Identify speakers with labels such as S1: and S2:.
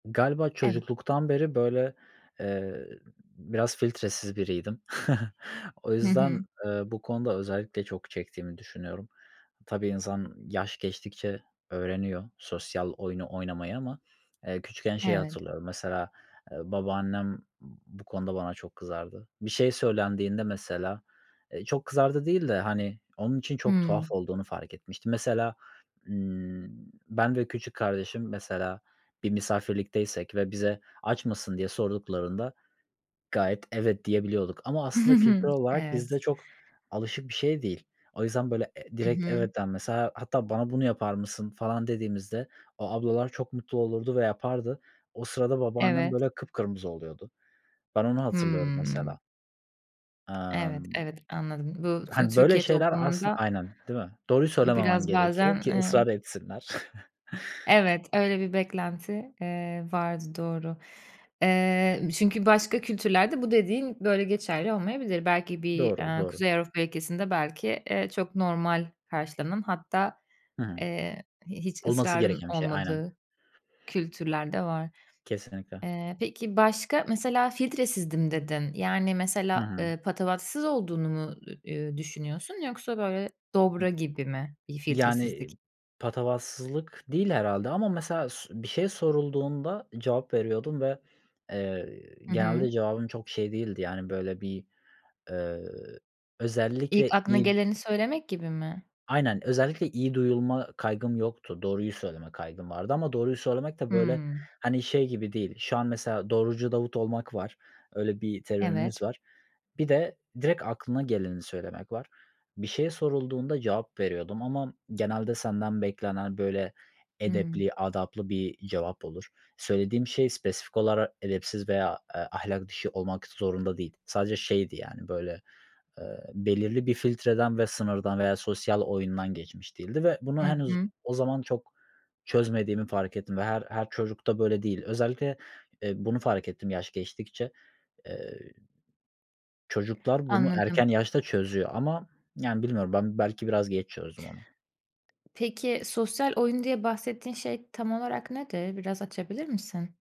S1: Galiba
S2: Evet.
S1: çocukluktan beri, böyle, eee, biraz filtresiz biriydim. O
S2: Hı
S1: yüzden,
S2: hı.
S1: eee, bu konuda özellikle çok çektiğimi düşünüyorum. Tabii, insan yaş geçtikçe öğreniyor sosyal oyunu oynamayı ama, eee, küçükken şeyi
S2: Evet.
S1: hatırlıyorum mesela, ııı, babaannem bu konuda bana çok kızardı. Bir şey söylendiğinde mesela, ııı, çok kızardı değil de, hani, onun için çok tuhaf
S2: Hımm.
S1: olduğunu fark etmiştim. Mesela, ımm, ben ve küçük kardeşim, mesela, bir misafirlikteysek ve bize, "Aç mısın?" diye sorduklarında gayet, "Evet" diyebiliyorduk ama aslında kültürel olarak bizde
S2: Evet.
S1: çok alışık bir şey değil. O yüzden, böyle, e
S2: I
S1: direkt
S2: hı.
S1: evet, [unintelligible] mesela, hatta, "Bana bunu yapar mısın?" falan dediğimizde o ablalar çok mutlu olurdu ve yapardı. O sırada babaannem,
S2: Evet.
S1: böyle, kıpkırmızı oluyordu. Ben onu hatırlıyorum, mesela.
S2: Hımm. Evet,
S1: Emm.
S2: evet, anladım. Bu Tü
S1: Hani, böyle
S2: Türkiye
S1: şeyler aslında
S2: toplumunda
S1: Aynen, değil mi? Doğruyu söylememen
S2: biraz, bazen,
S1: gerekiyor ki
S2: ııı
S1: ısrar etsinler.
S2: Evet. Öyle bir beklenti, eee, vardı, doğru. Eee, çünkü başka kültürlerde bu dediğin böyle geçerli olmayabilir. Belki bir,
S1: Doğru,
S2: ııı,
S1: doğru.
S2: Kuzey Avrupa ülkesinde belki, ııı, çok normal karşılanan hatta,
S1: Hı hı.
S2: ııı, hiç
S1: Olması
S2: ısrarın
S1: gereken bir şey. Aynen.
S2: olmadığı kültürler de var.
S1: Kesinlikle.
S2: Eee, peki, başka, mesela, filtresizdim dedin, yani,
S1: Hı
S2: mesela,
S1: hı.
S2: ııı, patavatsız olduğunu mu, ı uuu, düşünüyorsun yoksa, böyle, dobra gibi mi bir filtresizlik?
S1: Yani, patavatsızlık değil, herhâlde ama mesela s bir şey sorulduğunda cevap veriyordum ve, eee,
S2: Hı hı.
S1: genelde cevabım çok şey değildi, yani, böyle, bir, ııı,
S2: İlk
S1: özellikle
S2: aklına
S1: iyi d
S2: geleni söylemek gibi mi?
S1: Aynen, özellikle iyi duyulma kaygım yoktu, doğruyu söyleme kaygım vardı ama doğruyu söylemek de, böyle,
S2: Hımm.
S1: hani, şey gibi değil. Şu an mesela "Doğrucu Davut" olmak var, öyle bir terimimiz
S2: Evet.
S1: var. Bir de direkt aklına geleni söylemek var. Bir şey sorulduğunda cevap veriyordum ama genelde senden beklenen, böyle,
S2: Hımm.
S1: edepli, adaplı bir cevap olur. Söylediğim şey spesifik olarak edepsiz veya, eee, ahlak dışı olmak zorunda değil. Sadece şeydi, yani, böyle, ııı, belirli bir filtreden ve sınırdan veya sosyal oyundan geçmiş değildi ve
S2: Hı
S1: bunu henüz
S2: hı.
S1: o zaman çok çözmediğimi fark ettim ve her her çocukta böyle değil. Özellikle, eee, bunu fark ettim, yaş geçtikçe. Eee, çocuklar bunu
S2: Anladım.
S1: erken yaşta çözüyor ama, yani, bilmiyorum, ben belki biraz geç çözdüm onu.
S2: Peki, sosyal oyun, diye bahsettiğin şey tam olarak nedir? Biraz açabilir misin?